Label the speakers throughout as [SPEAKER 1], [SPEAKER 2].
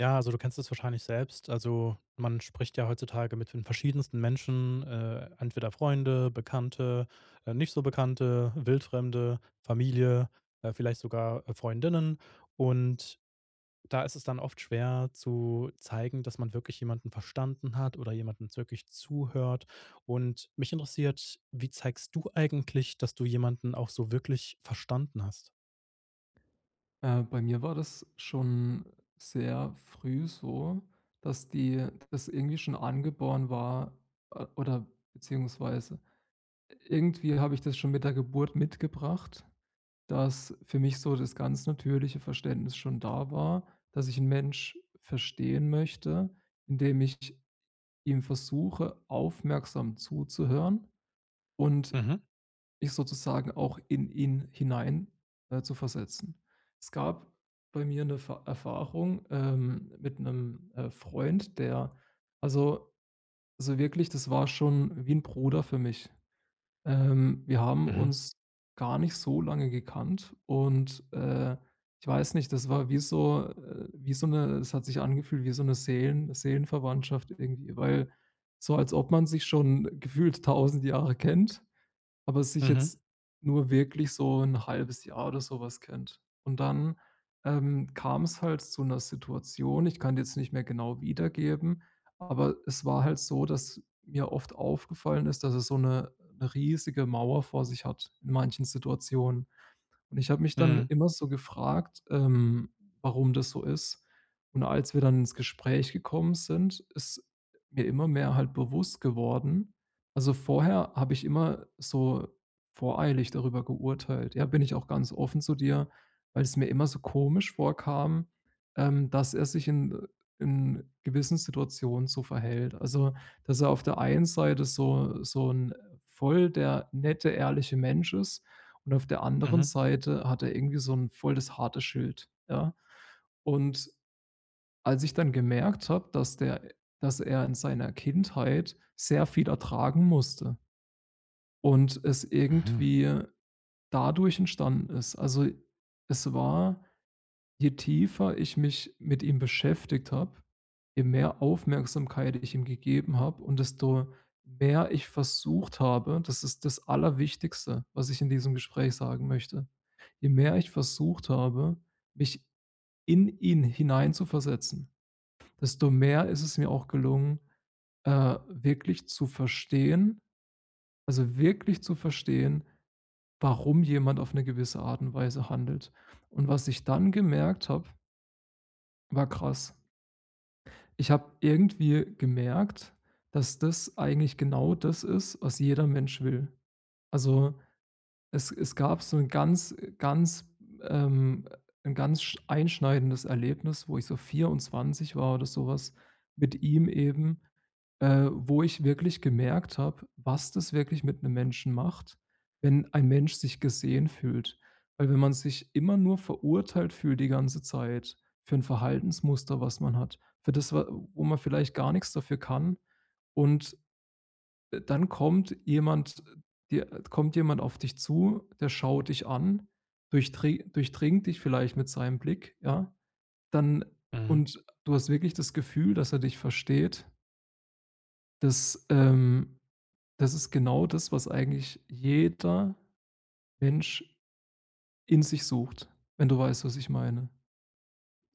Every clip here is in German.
[SPEAKER 1] Ja, also du kennst es wahrscheinlich selbst. Also, man spricht ja heutzutage mit den verschiedensten Menschen. Äh, entweder Freunde, Bekannte, äh, nicht so Bekannte, Wildfremde, Familie, äh, vielleicht sogar Freundinnen. Und da ist es dann oft schwer zu zeigen, dass man wirklich jemanden verstanden hat oder jemanden wirklich zuhört. Und mich interessiert: Wie zeigst du eigentlich, dass du jemanden auch so wirklich verstanden hast?
[SPEAKER 2] Äh, bei mir war das schon sehr früh so, dass die dass irgendwie schon angeboren war, äh oder beziehungsweise irgendwie habe ich das schon mit der Geburt mitgebracht, dass für mich so das ganz natürliche Verständnis schon da war, dass ich 'n Mensch verstehen möchte, indem ich ihm versuche, aufmerksam zuzuhören, und
[SPEAKER 1] Mhm.
[SPEAKER 2] mich sozusagen auch in ihn hinein äh, zu versetzen. Es gab bei mir 'ne Ver Erfahrung, ähm, mit 'nem, äh, Freund, der also, so wirklich, das war schon wie 'n Bruder für mich. Ähm, wir haben
[SPEAKER 1] Mhm.
[SPEAKER 2] uns gar nicht so lange gekannt und, äh, ich weiß nicht, das war wie so äh, wie so 'ne das hat sich angefühlt wie so 'ne Seelen Seelenverwandtschaft irgendwie weil so, als ob man sich schon gefühlt 1.000 Jahre kennt, aber sich
[SPEAKER 1] Mhm.
[SPEAKER 2] jetzt nur wirklich so 1/2 Jahr oder so was kennt. Und dann, ähm, kam's halt zu 'ner Situation ich kann die jetzt nicht mehr genau wiedergeben, aber es war halt so, dass mir oft aufgefallen ist, dass er so 'ne 'ne riesige Mauer vor sich hat, in manchen Situationen. Und ich habe mich dann
[SPEAKER 1] Mhm.
[SPEAKER 2] immer so gefragt, ähm, warum das so ist. Und als wir dann ins Gespräch gekommen sind, ist mir immer mehr halt bewusst geworden also vorher habe ich immer so voreilig darüber geurteilt. Ja, bin ich auch ganz offen zu dir, weil's mir immer so komisch vorkam, ähm, dass er sich in in gewissen Situationen so verhält. Also, dass er auf der einen Seite so so 'n äh, voll der nette, ehrliche Mensch ist und auf der anderen
[SPEAKER 1] Mhm.
[SPEAKER 2] Seite hat er irgendwie so 'n voll das harte Schild, ja. Und als ich dann gemerkt habe, dass der dass er in seiner Kindheit sehr viel ertragen musste und es
[SPEAKER 1] Mhm.
[SPEAKER 2] irgendwie dadurch entstanden ist also es war je tiefer ich mich mit ihm beschäftigt habe, je mehr Aufmerksamkeit ich ihm gegeben habe und desto mehr ich versucht habe das ist das Allerwichtigste, was ich in diesem Gespräch sagen möchte: Je mehr ich versucht habe, mich in ihn hineinzuversetzen, desto mehr ist es mir auch gelungen, äh, wirklich zu verstehen also wirklich zu verstehen, warum jemand auf 'ne gewisse Art und Weise handelt. Und was ich dann gemerkt habe war krass. Ich habe irgendwie gemerkt, dass das eigentlich genau das ist, was jeder Mensch will. Also, es es gab so 'n ganz äh, ganz ähm, 'n ganz sch einschneidendes Erlebnis, wo ich so 24 war oder so was mit ihm eben, äh, wo ich wirklich gemerkt habe, was das wirklich mit 'nem Menschen macht, wenn ein Mensch sich gesehen fühlt. Weil wenn man sich immer nur verurteilt fühlt die ganze Zeit für 'n Verhaltensmuster, was man hat, für das, wa wo man vielleicht gar nix dafür kann, und dann kommt jemand dir kommt jemand auf dich zu, der schaut dich an, durchdri durchdringt dich vielleicht mit seinem Blick, ja, dann
[SPEAKER 1] Mhm.
[SPEAKER 2] und du hast wirklich das Gefühl, dass er dich versteht. Das, ähm das ist genau das, was eigentlich jeder Mensch in sich sucht, wenn du weißt, was ich meine.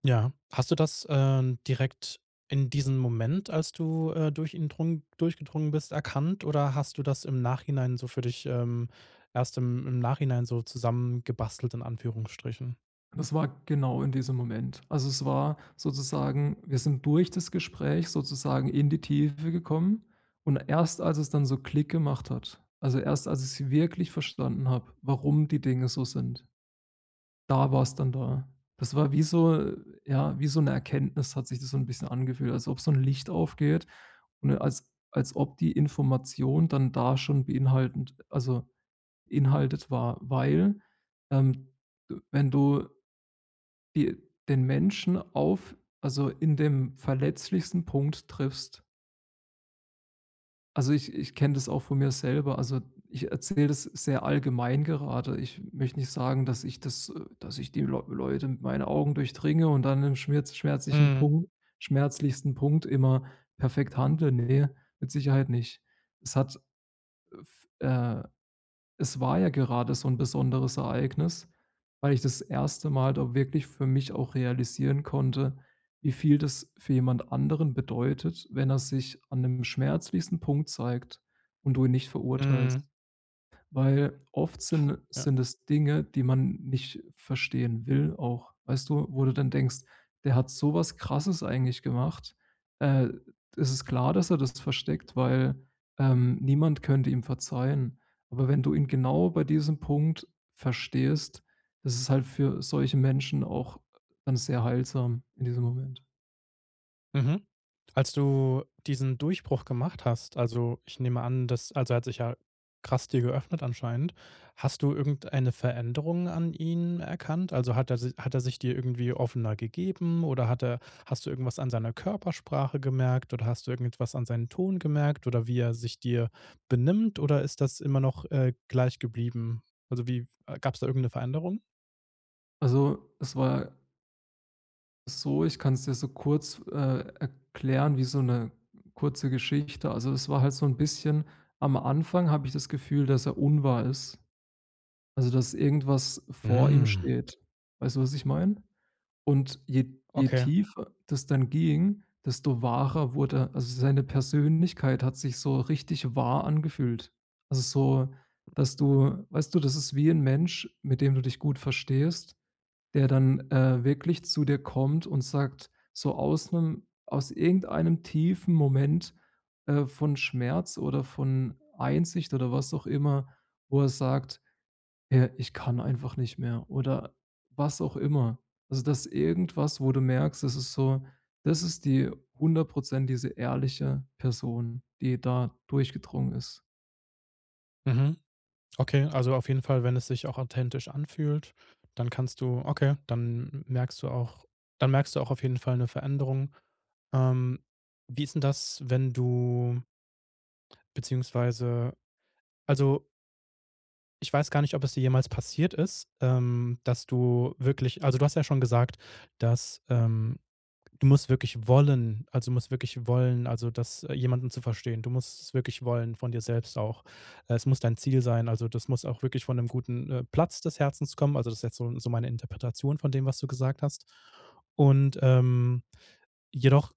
[SPEAKER 1] Ja. Hast du das, ähm, direkt in diesem Moment, als du, äh, durch ihn drung durchgedrungen bist, erkannt? Oder hast du das im Nachhinein so für dich, ähm erst im im Nachhinein so zusammengebastelt in Anführungsstrichen?
[SPEAKER 2] Das war genau in diesem Moment. Also, es war sozusagen wir sind durch das Gespräch sozusagen in die Tiefe gekommen. Und erst, als es dann so Klick gemacht hat also erst, als ich's wirklich verstanden habe, warum die Dinge so sind. Da war's dann da. Das war wie so ja, wie so 'ne Erkenntnis hat sich das so 'n bisschen angefühlt, als ob so 'n Licht aufgeht. Und als als ob die Information dann da schon beinhaltend also inhaltet war. Weil ähm, de wenn du die den Menschen auf also in dem verletzlichsten Punkt triffst Also ich ich kenne das auch von mir selber also ich erzähle das sehr allgemein gerade. Ich möchte nicht sagen, dass ich das dass ich die Leu Leute mit meinen Augen durchdringe und dann im schmirz schmerzlichen
[SPEAKER 1] Mhm.
[SPEAKER 2] Punkt schmerzlichsten Punkt immer perfekt handle, ne, mit Sicherheit nicht. Es hat, äh, f äh, es war ja gerade so 'n besonderes Ereignis, weil ich das erste Mal da wirklich für mich auch realisieren konnte, wie viel das für jemand anderen bedeutet, wenn er sich an 'nem schmerzlichsten Punkt zeigt und du ihn nicht verurteilst.
[SPEAKER 1] Mhm.
[SPEAKER 2] Weil, oft sind
[SPEAKER 1] Ja.
[SPEAKER 2] sind es Dinge, die man nicht verstehen will auch. Weißt du, wo du dann denkst, der hat so was Krasses eigentlich gemacht. Äh, es ist klar, dass er das versteckt, weil ähm, niemand könnte ihm verzeihen. Aber wenn du ihn genau bei diesem Punkt verstehst, ist es halt für solche Menschen auch dann sehr heilsam in diesem Moment.
[SPEAKER 1] Mhm. Als du diesen Durchbruch gemacht hast also ich nehme an, das also er hat sich ja krass dir geöffnet anscheinend, hast du irgendeine Veränderung an ihn erkannt? Also hat er si hat er sich dir irgendwie offener gegeben oder hat er hast du irgendwas an seiner Körpersprache gemerkt oder hast du irgendetwas an seinen Ton gemerkt oder wie er sich dir benimmt oder ist das immer noch, äh, gleich geblieben? Also wie gab's da irgend 'ne Veränderung?
[SPEAKER 2] Also, es war so, ich kann's dir so kurz, äh, erklären wie so 'ne kurze Geschichte. Also, es war halt so 'n bisschen am Anfang habe ich das Gefühl, dass er unwahr ist, also dass irgendwas vor ihm
[SPEAKER 1] Mhm.
[SPEAKER 2] steht. Weißt du, was ich meine? Und je je
[SPEAKER 1] Okay.
[SPEAKER 2] tiefer das dann ging, desto wahrer wurde also seine Persönlichkeit hat sich so richtig wahr angefühlt. Also so, dass du weißt du, das ist wie 'n Mensch, mit dem du dich gut verstehst, der dann, äh, wirklich zu dir kommt und sagt, so aus 'nem aus irgendeinem tiefen Moment, äh, von Schmerz oder von Einsicht oder was auch immer, wo er sagt: „Ja, ich kann einfach nicht mehr“, oder was auch immer. Also, dass irgendwas, wo du merkst, das ist so das ist die 100 % diese ehrliche Person, die da durchgedrungen ist.
[SPEAKER 1] Mhm. Okay, also auf jeden Fall, wenn es sich auch authentisch anfühlt, dann kannst du okay, dann merkst du auch dann merkst du auch auf jeden Fall 'ne Veränderung. Ähm, wie ist 'n das, wenn du beziehungsweise also ich weiß gar nicht, ob es dir jemals passiert ist, ähm, dass du wirklich also du hast ja schon gesagt, dass ähm, du musst wirklich wollen. Also, du musst wirklich wollen also das jemanden zu verstehen. Du musst es wirklich wollen von dir selbst auch. Es muss dein Ziel sein, also das muss auch wirklich von 'nem guten, äh, Platz des Herzens kommen. Also, das ist jetzt so 'n so meine Interpretation von dem, was du gesagt hast. Und, ähm, jedoch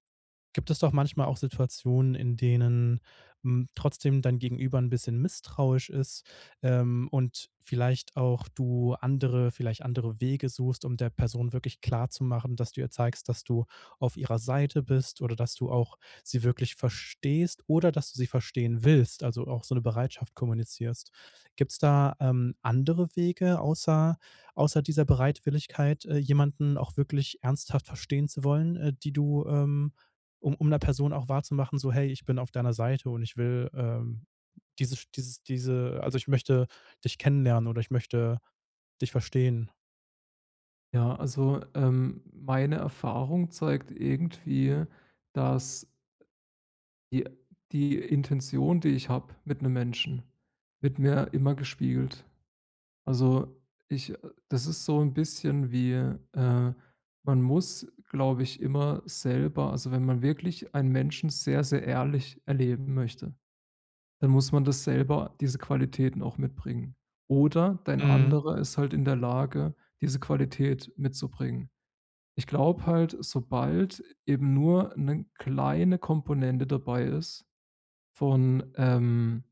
[SPEAKER 1] gibt es doch manchmal auch Situationen, in denen, hm, trotzdem dein Gegenüber 'n bisschen misstrauisch ist, ähm, und vielleicht auch du andere vielleicht andere Wege suchst, um der Person wirklich klarzumachen, dass du ihr zeigst, dass du auf ihrer Seite bist, oder, dass du auch sie wirklich verstehst oder dass du sie verstehen willst, also auch so 'ne Bereitschaft kommunizierst. Gibt's da, ähm, andere Wege außer außer dieser Bereitwilligkeit, äh, jemanden auch wirklich ernsthaft verstehen zu wollen, äh, die du, ähm um um 'ner Person auch wahrzumachen, so: „Hey, ich bin auf deiner Seite und ich will, ähm dieses dieses diese also ich möchte dich kennenlernen oder ich möchte dich verstehen.“
[SPEAKER 2] Ja, also, ähm, meine Erfahrung zeigt irgendwie, dass die die Intention, die ich habe mit 'nem Menschen wird mir immer gespiegelt. Also ich äh, das ist so 'n bisschen wie, äh man muss, glaube ich, immer selber also wenn man wirklich einen Menschen sehr, sehr ehrlich erleben möchte, dann muss man das selber diese Qualitäten auch mitbringen. Oder dein
[SPEAKER 1] Mhm.
[SPEAKER 2] Anderer ist halt in der Lage, diese Qualität mitzubringen. Ich glaube halt, sobald eben nur 'ne kleine Komponente dabei ist von, ähm,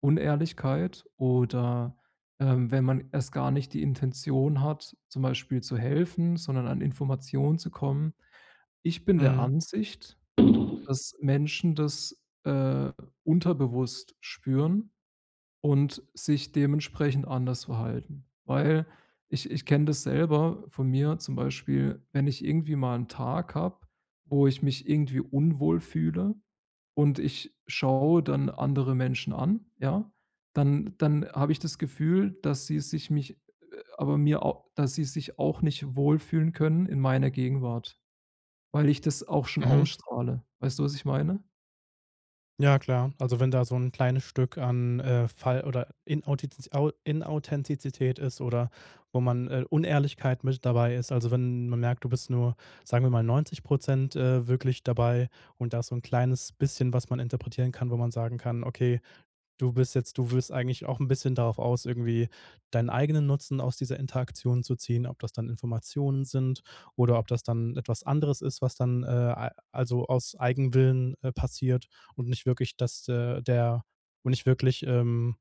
[SPEAKER 2] Unehrlichkeit oder ähm, wenn man erst gar nicht die Intention hat, zum Beispiel zu helfen, sondern an Informationen zu kommen. Ich bin der
[SPEAKER 1] Mhm.
[SPEAKER 2] Ansicht, dass Menschen das, äh, unterbewusst spüren und sich dementsprechend anders verhalten. Weil, ich ich kenne das selber von mir zum Beispiel, wenn ich irgendwie mal 'n Tag habe, wo ich mich irgendwie unwohl fühle und ich schaue dann andere Menschen an, ja, dann dann habe ich das Gefühl, dass sie sich mich äh, aber mir au dass sie sich auch nicht wohlfühlen können in meiner Gegenwart, weil ich das auch schon
[SPEAKER 1] Mhm.
[SPEAKER 2] ausstrahle. Weißt du, was ich meine?
[SPEAKER 1] Ja klar, also, wenn da so 'n kleines Stück an, äh, Fall oder Inauthitzi Au Inauthentizität ist oder wo man, äh Unehrlichkeit mit dabei ist. Also, wenn man merkt, du bist nur, sagen wir mal, 90 %, äh wirklich dabei und da ist so 'n kleines bisschen, was man interpretieren kann, wo man sagen kann: „Okay, du bist jetzt du willst eigentlich auch 'n bisschen darauf aus, irgendwie deinen eigenen Nutzen aus dieser Interaktion zu ziehen“, ob das dann Informationen sind oder ob das dann etwas anderes ist, was dann, äh, al also, aus Eigenwillen, äh, passiert und nicht wirklich, dass de der und nicht wirklich, ähm,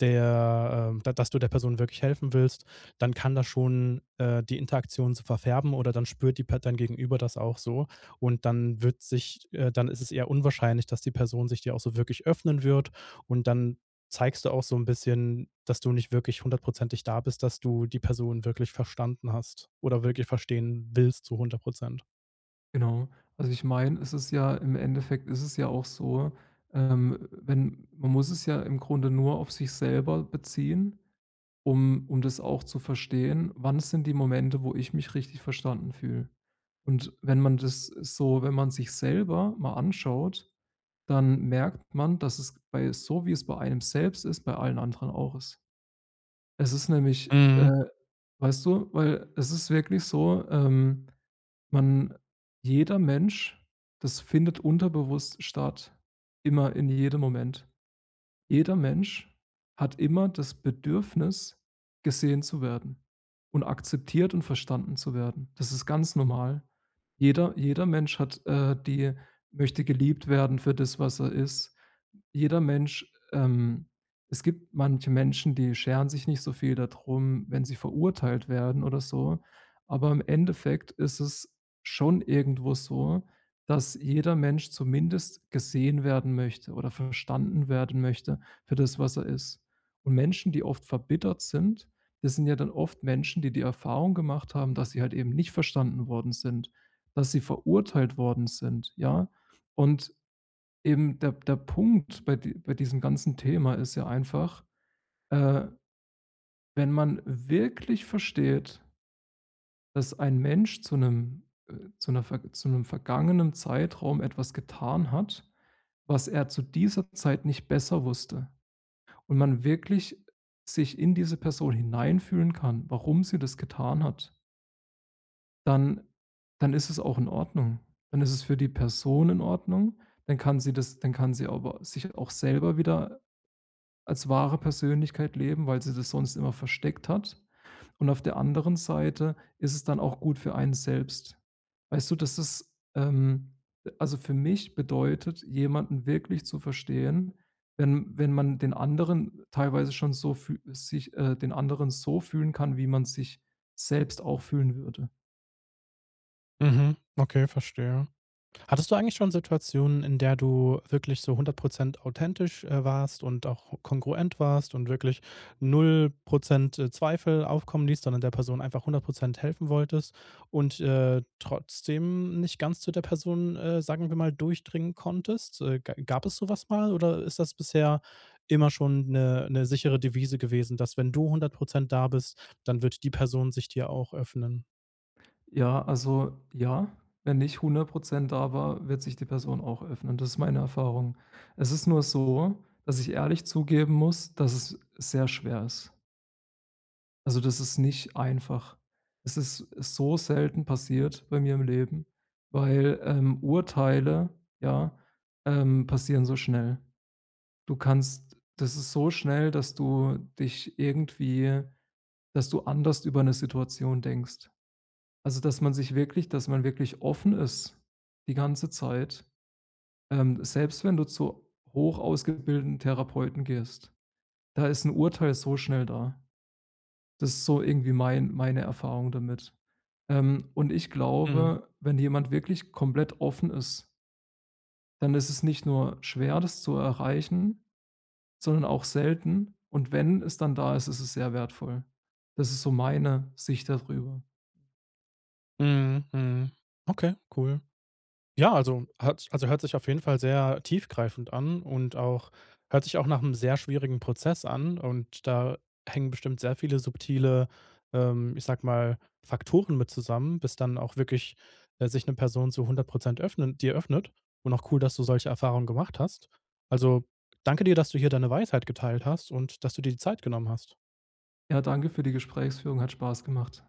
[SPEAKER 1] der ähm, da dass du der Person wirklich helfen willst, dann kann das schon, äh, die Interaktion so verfärben oder dann spürt die Part dein Gegenüber das auch so. Und dann wird sich äh, dann ist es eher unwahrscheinlich, dass die Person sich dir auch so wirklich öffnen wird. Und dann zeigst du auch so 'n bisschen, dass du nicht wirklich hundertprozentig da bist, dass du die Person wirklich verstanden hast oder wirklich verstehen willst zu 100 %.
[SPEAKER 2] Genau. Also, ich meine, es ist ja im Endeffekt ist es ja auch so, ähm, wenn man muss es ja im Grunde nur auf sich selber beziehen, um und das auch zu verstehen: „Wann sind die Momente, wo ich mich richtig verstanden fühle?“ Und wenn man das, äh, so wenn man sich selber mal anschaut, dann merkt man, dass es bei so, wie es bei einem selbst ist, bei allen anderen auch ist. Es ist nämlich,
[SPEAKER 1] Mhm.
[SPEAKER 2] äh, weißt du weil es ist wirklich so, ähm, man jeder Mensch das findet unterbewusst statt, immer in jedem Moment. Jeder Mensch hat immer das Bedürfnis, gesehen zu werden und akzeptiert und verstanden zu werden. Das ist ganz normal. Jeder jeder Mensch hat, äh, die möchte geliebt werden für das, was er ist. Jeder Mensch, ähm es gibt manche Menschen, die scheren sich nicht so viel dadrum, wenn sie verurteilt werden oder so. Aber im Endeffekt ist es schon irgendwo so, dass jeder Mensch zumindest gesehen werden möchte oder verstanden werden möchte für das, was er ist. Und Menschen, die oft verbittert sind, das sind ja dann oft Menschen, die die Erfahrung gemacht haben, dass sie halt eben nicht verstanden worden sind, dass sie verurteilt worden sind, ja? Und eben der P der Punkt bei di bei diesem ganzen Thema ist ja einfach, äh, wenn man wirklich versteht dass ein Mensch zu 'nem äh, zu 'ner verg zu 'nem vergangenen Zeitraum etwas getan hat, was er zu dieser Zeit nicht besser wusste und man wirklich sich in diese Person hineinfühlen kann, warum sie das getan hat dann dann ist es auch in Ordnung. Dann ist es für die Person in Ordnung, dann kann sie das dann kann sie aber sich auch selber wieder als wahre Persönlichkeit leben, weil sie das sonst immer versteckt hat. Und auf der anderen Seite ist es dann auch gut für einen selbst. Weißt du, das ist ähm, äh, also, für mich bedeutet, jemanden wirklich zu verstehen, wenn wenn man den anderen teilweise schon so fü sich äh, den anderen so fühlen kann, wie man sich selbst auch fühlen würde.
[SPEAKER 1] Mhm. Okay, verstehe. Hattest du eigentlich schon Situationen, in der du wirklich so 100 % authentisch, äh, warst und auch kongruent warst und wirklich 0 %, äh, Zweifel aufkommen ließt, sondern der Person einfach 100 % helfen wolltest und, äh, trotzdem nicht ganz zu der Person äh, sagen wir mal, durchdringen konntest. Äh, ga gab es so was mal oder ist das bisher immer schon 'ne 'ne sichere Devise gewesen, dass wenn du 100 % da bist, dann wird die Person sich dir auch öffnen?
[SPEAKER 2] Ja, also, ja, wenn ich 100 % da war, wird sich die Person auch öffnen. Das ist meine Erfahrung. Es ist nur so, dass ich ehrlich zugeben muss, dass es sehr schwer ist. Also das ist nicht einfach. Es ist, äh, so selten passiert bei mir im Leben, weil, ähm, Urteile ja, ähm passieren so schnell. Du kannst das ist so schnell, dass du dich irgendwie dass du anders über 'ne Situation denkst. Also, dass man sich wirklich dass man wirklich offen ist die ganze Zeit. Ähm, selbst wenn du zu hoch-ausgebildeten Therapeuten gehst. Da ist 'n Urteil so schnell da. Das ist so irgendwie mein meine Erfahrung damit. Ähm, und ich
[SPEAKER 1] Mhm.
[SPEAKER 2] glaube, wenn jemand wirklich komplett offen ist dann ist es nicht nur schwer, das zu erreichen, sondern auch selten. Und wenn es dann da ist, ist es sehr wertvoll. Das ist so meine Sicht da drüber.
[SPEAKER 1] Mhm, mhm. Okay, cool. Ja, also, hat si also, hört sich auf jeden Fall sehr tiefgreifend an und auch hört sich auch nach 'nem sehr schwierigen Prozess an und da hängen bestimmt sehr viele subtile ähm, ich sage mal, Faktoren mit zusammen, bis dann auch wirklich, äh, sich ne Person zu 100 % öffnen dir öffnet. Und auch cool, dass du solche Erfahrungen gemacht hast. Also, danke dir, dass du hier deine Weisheit geteilt hast und, dass du dir die Zeit genommen hast.
[SPEAKER 2] Ja, danke für die Gesprächsführung, hat Spaß gemacht.